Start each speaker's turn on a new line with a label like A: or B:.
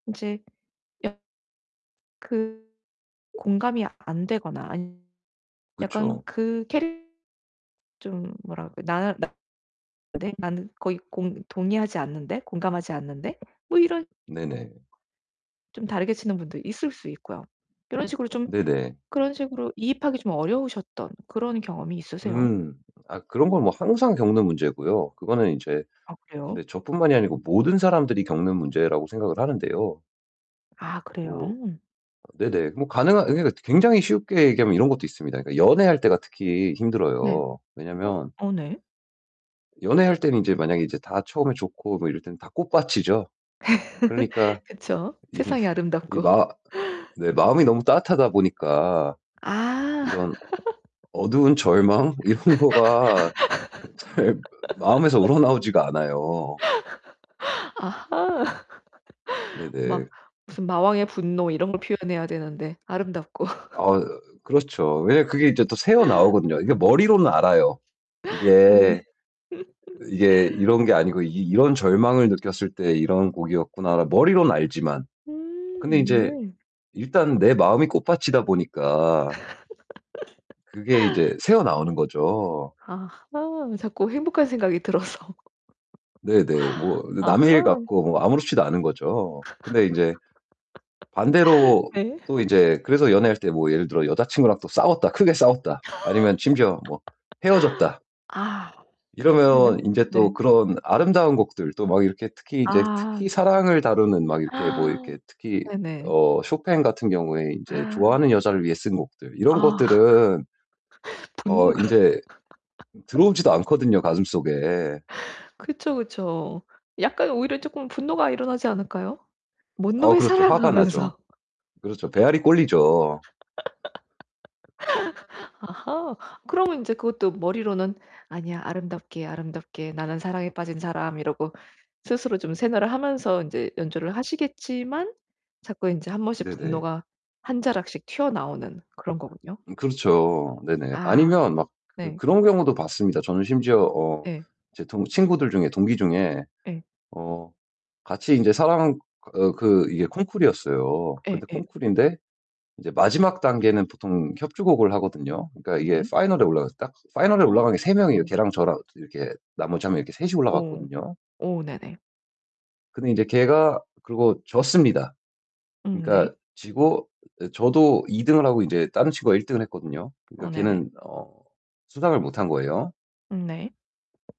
A: 이제 [unintelligible] 그 공감이 안 되거나 [unintelligible] 약간
B: 그쵸.
A: 그 캐릭 좀 뭐랄까? 나 나 내 나는 거의 공 동의하지 않는데 공감하지 않는데 뭐 이런
B: 네네.
A: 좀 다르게 치는 분도 있을 수 있고요. 이런 식으로 좀
B: 네네.
A: 그런 식으로 이입하기 좀 어려우셨던 그런 경험이 있으세요?
B: 음. 아 그런 건 뭐 항상 겪는 문제고요. 그거는 인제
A: 아
B: 근데
A: 그래요?
B: 저뿐만이 아니고 모든 사람들이 겪는 문제라고 생각을 하는데요.
A: 아
B: 뭐
A: 그래요?
B: 네네. 뭐 가능한 그러니까 굉장히 쉽게 얘기하면 이런 것도 있습니다. 그러니까 연애할 때가 특히
A: 네.
B: 힘들어요.
A: 어
B: 왜냐면
A: 어 네.
B: 연애할 때는 인제 만약에 이제 다 처음에 좋고 뭐 이럴 때는 다 꽃밭이죠. 그러니까
A: 그쵸,
B: 이게
A: 세상이
B: 이
A: 아름답고.
B: 마 네 마음이 너무 따뜻하다 보니까
A: 아.
B: 이런 어두운 절망 이런 거가 잘 마음에서 우러나오지가 않아요.
A: 아하 막
B: 네네.
A: 무슨 마왕의 분노 이런 걸 표현해야 되는데 아름답고
B: 어 그렇죠. 왜냐면 그게 이제 또 새어나오거든요. 이게 머리로는 알아요.
A: 네네.
B: 이게 이게 이런 게 아니고 '이 이런 절망을 느꼈을 때 이런 곡이었구나.' 머리로는 알지만. 근데
A: 음
B: 인제
A: 네.
B: 일단 내 마음이 꽃밭이다 보니까 그게 이제 새어나오는 거죠.
A: 아하 자꾸 행복한 생각이 들어서
B: 네네. 뭐
A: 아하.
B: 남의 일 같고 뭐 아무렇지도 않은 거죠. 근데 인제 반대로
A: 네.
B: 또 이제 그래서 연애할 때 뭐 예를 들어 '여자친구랑 또 싸웠다. 크게 싸웠다.' 아니면 심지어 뭐 '헤어졌다.'
A: 아.
B: 이러면
A: [unintelligible]
B: 인제
A: 네.
B: 또 그런 아름다운 곡들 또 막 이렇게 특히 이제 특히
A: 아.
B: 사랑을 다루는 막 이렇게 뭐 이렇게 특히
A: 네네.
B: 어 쇼팽 같은 경우에 인제
A: 아.
B: 좋아하는 여자를 위해 쓴 곡들 이런
A: 아
B: 것들은 어
A: 분노가.
B: 인제 들어오지도 않거든요 가슴 속에.
A: 그쵸, 그쵸. 약간 오히려 쪼끔 분노가 일어나지 않을까요? "뭔
B: 어
A: 놈의
B: 그렇죠.
A: 사랑!"
B: 화가 나죠.
A: 하면서.
B: 그렇죠 배알이 꼴리죠.
A: 아하 그러면 이제 그것도 머리로는 '아니야. 아름답게, 아름답게 나는 사랑에 빠진 사람.' 이러고 스스로 좀 세뇌를 하면서 인제 연주를 하시겠지만 자꾸 인제 1 번씩
B: 네네.
A: 분노가 한 자락씩 튀어나오는 그런거군요.
B: 음 그렇죠. 네네.
A: 아
B: 아니면 막 그
A: 네.
B: 그런 경우도 봤습니다. 저는 심지어 어
A: 예.
B: 제 동 친구들 중에 동기 중에
A: 예.
B: 어 같이 인제 사랑 어 그 이게 콩쿠르였어요.
A: 예
B: 근데
A: 예.
B: 콩쿠르인데 이제 마지막 단계는 보통 협주곡을 하거든요. 그러니까 이게
A: 네.
B: 파이널에 올라가서 딱 파이널에 올라간 게 3 명이에요.
A: 네.
B: 걔랑 저랑 이렇게 나머지 1 명 이렇게 셋이
A: 예.
B: 올라갔거든요.
A: 오 네네.
B: 근데 이제 걔가 그러고 졌습니다.
A: 음 네.
B: 그러니까 지고 저도 2 등을 하고 인제 다른 친구가 1 등을 했거든요. 그러니까
A: 어 네네.
B: 걔는 어 수상을 못 한 거예요.
A: 음 네.